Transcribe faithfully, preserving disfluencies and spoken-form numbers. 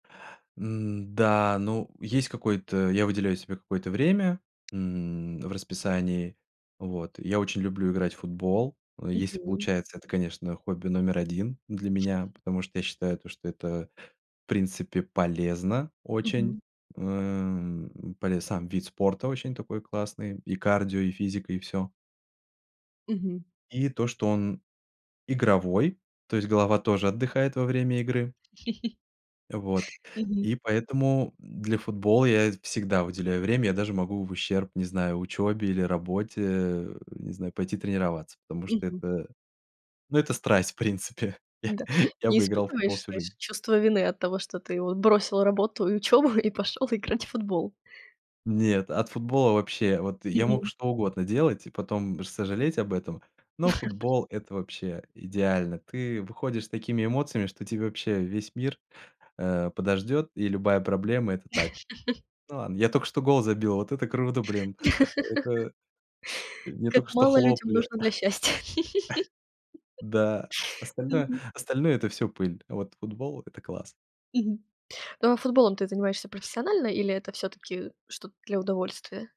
М, да, ну, есть какой-то Я выделяю себе какое-то время, м, в расписании. Вот. Я очень люблю играть в футбол. Если Мгм. получается, это, конечно, хобби номер один для меня, потому что я считаю, то, что это, в принципе, полезно очень. Мгм. Эм, полез сам вид спорта очень такой классный, и кардио, и физика, и всё. Мгм. И то, что он игровой, то есть голова тоже отдыхает во время игры. Вот. Мгм. И поэтому для футбола я всегда уделяю время. Я даже могу в ущерб, не знаю, учебе или работе, не знаю, пойти тренироваться, потому что Мгм. это, ну, это страсть, в принципе. Да, Я не бы играл в футбол испытываешь, всю жизнь. знаешь, чувства вины от того, что ты вот бросил работу и учёбу и пошёл играть в футбол? Нет, от футбола вообще Вот я мог Мгм. что угодно делать и потом сожалеть об этом, но футбол- это вообще идеально. Ты выходишь с такими эмоциями, что тебе вообще весь мир, э, подождет, и любая проблема- это так. Ну, ладно, я только что гол забил, вот это круто, блин! Это мне Как только что мало людям хлопали. нужно для счастья. Да, остальное Мгм. остальное- это всё пыль, а вот футбол- это класс! Мгм. Ну, а футболом ты занимаешься профессионально, или это всё-таки что-то для удовольствия?